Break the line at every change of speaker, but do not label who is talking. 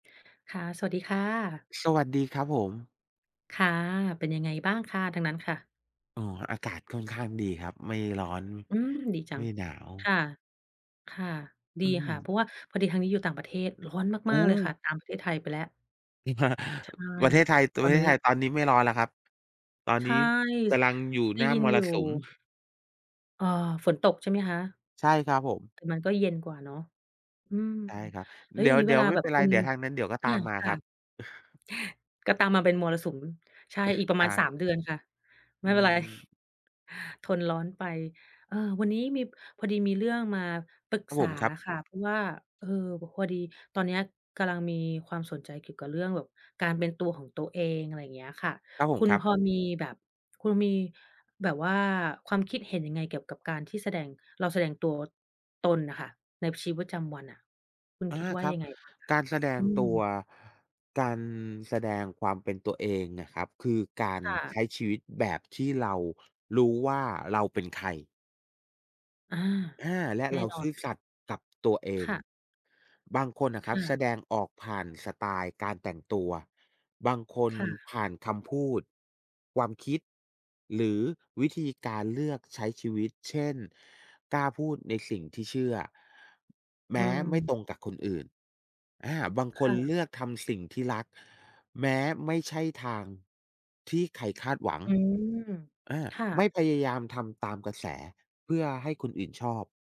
ค่ะ สวัสดีค่ะ
สวัสดีครับผม
ค่ะ เป็นยังไงบ้างคะ? ทางนั้นค่ะ
อ๋อ อากาศค่อนข้างดีครับ ไม่ร้อน
อืม ดีจั
ไม่
ง
หนาว
ค่ะ ค่ะ ด
อ
ี
ื
ค่ะ
ม
เพราะว่าพอดีทางนี้อยู่ต่างประเทศ ร้อน
โอ
มา
้
ก ๆ เลยค่ะ ตามประเทศไทยไปแล้ว ใช่
ประเทศไทย
ต
ป
อ
ระ
น
เท
น
ศ
ี้
ไทยตอนนี้ไม่ร้อนแล้วครับ ตอน
ใช
นี
่
้ก
ส
ำลังอยู่
ได
ห
้
น้า
ยิ
ม
นอ
ร
ยู
สุม
่ เอ่อ ฝนตกใช่ไหมคะ?
ใช่ครับผม
แต่มันก็เย็นกว่าเนาะ อืม
ใช่ครับ
แล้ว
เด
อ
ี
ย่างงี้เว
๋ย
ล
ว
า
ๆ ไม่
แบ
เป
บ
็นไร
คุณ
เดี๋ยวทางนั้นเดี๋ยวก็
อ
ตา
า
มมา
ค
ค
่
ร
ะ
ับ
ก็ตามมาเป็นมรสุม ใช่ อีกปร
ใ
ะ
ช
มาณ ส
่
าม เดือนค่ะ ไ
อื
ม่เป็นไร
ม
ทนร้อนไป เออ วันนี้มี พอดีมีเรื่องมาปรึก
ครับ
ษ
ผ
า
ม ครับ
ค่ะ เพราะว่า เออ แบบพอดีตอนเนี้ย กำลังมีความสนใจเกี่ยวกับเรื่องแบบการเป็นตัวของตัวเอง อะไรอย่างเงี้ยค่ะ
ครับผ
ค
ม
ุณ
ครั
พ
บ
อมีแบบ คุณมีแบบว่า ความคิดเห็นยังไง เกี่ยวกับการที่แสดง เราแสดงตัวตนน่ะค่ะ ในชีวิตประจำวันอะ คุณ
อา
คิดว่า
ครั
ย
บ
ังไงบ้างคะ?
การแสด
อ
ง
ื
ตัว
ม
การแสดงความเป็นตัวเองอะครับ คือ กา
ค
ร
่ะ
ใช้ชีวิตแบบที่เรารู้ว่า เราเป็นใคร
อา
อา และ
แน่
เรา
นอ
ซื
น
่อสัตย์กับตัวเอ
ค
ง
่ะ
บางคนน่ะค
ค
รับ
่
แส
ะ
ดงออกผ่านสไตล์การแต่งตัว บางคน
ค่
ผ
ะ
่านคำพูด ความคิด หรือวิธีการเลือกใช้ชีวิต เช่น กล้าพูดในสิ่งที่เชื่อ แม
อื
้ไม่
ม
ตรงกับคนอื่น อา บางค
ค่
นเล
ะ
ือกทำสิ่งที่รัก แม้ไม่ใช่ทางที่ใครคาดหวัง
อืม
อา
ค่
ไม
ะ
่พยายามทำตามกระแส เพื่อให้คนอื่นชอบ